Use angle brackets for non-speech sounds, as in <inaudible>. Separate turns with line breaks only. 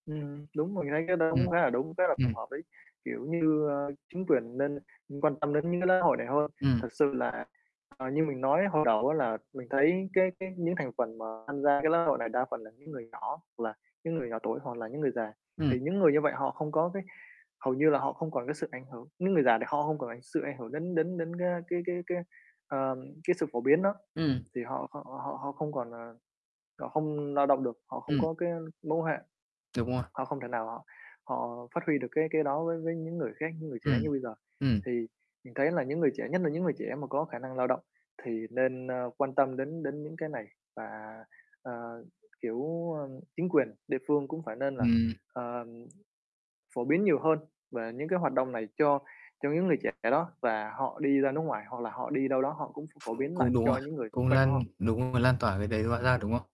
Ừm, đúng rồi, mình thấy cái đó cũng
Ừm,
khá là đúng, khá là phù
ừm.
hợp đấy. Kiểu như, ờ, chính quyền nên quan tâm đến những cái lễ hội này hơn.
Ừm.
Thực sự là, ờ, như mình nói hồi đầu á là mình thấy cái cái những thành phần mà tham gia cái lễ hội này đa phần là những người nhỏ hoặc là những người nhỏ tuổi hoặc là những người già.
Ừm.
Thì những người như vậy họ không có cái hầu như là họ không còn cái sự ảnh hưởng, những người già thì họ không còn ảnh sự ảnh hưởng đến đến đến cái, a, cái cái cái, ờm, cái sự phổ biến đó
Ừm.
thì họ họ họ họ không còn, ờ họ không lao động được, họ không
Ừm.
có cái mẫu hạn.
Đúng rồi.
Họ không thể nào họ họ phát huy được cái cái đó với với những người khác, những người trẻ
Ừm,
như bây giờ.
ừm.
Thì mình thấy là những người trẻ, nhất là những người trẻ mà có khả năng lao động thì nên, ơ, quan tâm đến đến những cái này và, ờ, kiểu, ờ, chính quyền địa phương cũng phải nên là,
Ừm.
ờm, phổ biến nhiều hơn về những cái hoạt động này cho cho những người trẻ đó. Và họ đi ra nước ngoài hoặc là họ đi đâu đó, họ cũng phổ
<unintelligible>
biến lại
Cũng đúng
cho
ha,
những người xung
cũng
quanh của
lan
họ.
đúng rồi,
Ừm.
lan tỏa cái đấy nó ra, đúng không?